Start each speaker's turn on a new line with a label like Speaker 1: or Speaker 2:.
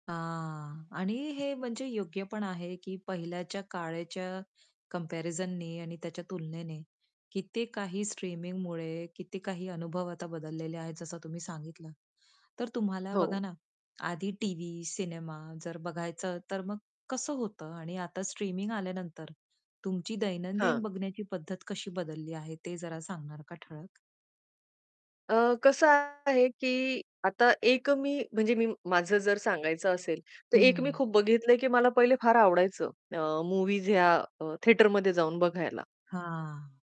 Speaker 1: हां आणि हे म्हणजे योग्य पण आहे, की पहिल्याच्या काळाच्या कम्पॅरिझननी आणि त्याच्या तुलनेने किती काही स्ट्रीमिंगमुळे किती काही अनुभव आता बदललेले आहेत, जसं तुम्ही सांगितलं. तर तुम्हाला बघा
Speaker 2: हो.
Speaker 1: ना, आधी टीव्ही, सिनेमा जर बघायचं, तर मग कसं होतं आणि आता स्ट्रीमिंग आल्यानंतर तुमची दैनंदिन
Speaker 2: हां.
Speaker 1: बघण्याची पद्धत कशी बदलली आहे ते जरा सांगणार का ठळक?
Speaker 2: अ, कसं आहे, की आता एक अ, मी म्हणजे मी माझं जर सांगायचं असेल, तर एक मी
Speaker 1: हं.
Speaker 2: खूप बघितलंय, की मला पहिले फार आवडायचं अ, मूव्हीज या अ, थिएटरमध्ये जाऊन बघायला.
Speaker 1: हां.